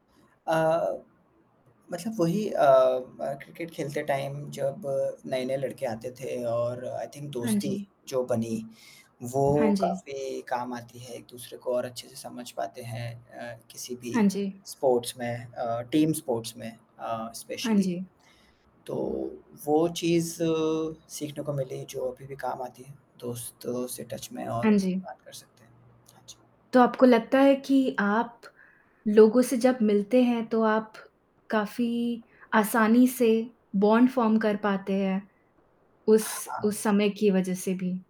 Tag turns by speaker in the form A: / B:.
A: अ, मतलब वही अ, म क्रिकेट खेलते टाइम जब नए-नए लड़के आते थे और आई थिंक
B: हाँ,
A: दोस्ती
B: जी।
A: जो बनी, वो
B: हाँ, जी।
A: काफ़ी काम आती है एक-दूसरे को और अच्छे-से समझ पाते हैं अ, किसी भी
B: हाँ, जी।
A: स्पोर्ट्स में अ, टीम स्पोर्ट्स में अ,
B: हाँ,
A: स्पेशली।
B: जी।
A: तो वो चीज़ सीखने को मिली जो अभी भी काम आती है, दोस्तों से टच में और
B: हाँ,
A: उनसे
B: जी।
A: बात कर सकते हैं। हाँ जी।
B: तो आपको लगता है कि आप, लोगों से जब मिलते हैं तो आप, काफ़ी आसानी से बॉन्ड फ़ॉर्म कर पाते हैं, उस उस
A: हाँ।
B: समय की वज़ह से भी?